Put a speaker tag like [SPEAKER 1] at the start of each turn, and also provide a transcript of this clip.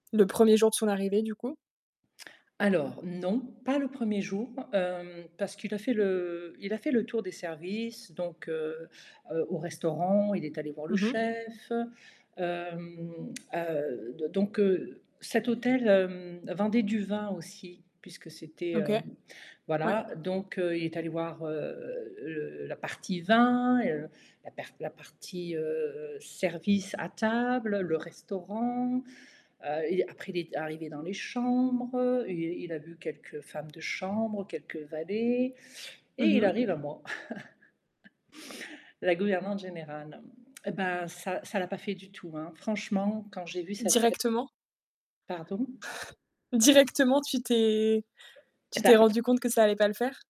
[SPEAKER 1] Le 1er jour de son arrivée, du coup.
[SPEAKER 2] Alors non, pas le 1er jour, hem, parce qu'il a fait le il a fait le tour des services, donc heu, au restaurant, il est allé voir le
[SPEAKER 1] Mmh mh.
[SPEAKER 2] chef. Hem, heu, donc heu, cet hôtel, hem, vendait du vin aussi puisque c'était
[SPEAKER 1] OK,
[SPEAKER 2] heu,
[SPEAKER 1] ouais.
[SPEAKER 2] voilà, donc heu, il est allé voir, heu, le la partie vin et heu, la perte la partie, heu, service à table, le restaurant, heu, il, après, il est arrivé dans les chambres, heu, il il a vu quelques femmes de chambre, quelques valets et
[SPEAKER 1] Mmh
[SPEAKER 2] il
[SPEAKER 1] mh.
[SPEAKER 2] arrive à moi La gouvernante générale. Et ben ça ça l'a pas fait du tout hein. Franchement, quand j'ai vu sa tê
[SPEAKER 1] Directement?
[SPEAKER 2] Pardon?
[SPEAKER 1] Directement, tu t'es
[SPEAKER 2] Et
[SPEAKER 1] tu t'es
[SPEAKER 2] pas
[SPEAKER 1] rendu compte que ça allait pas le faire?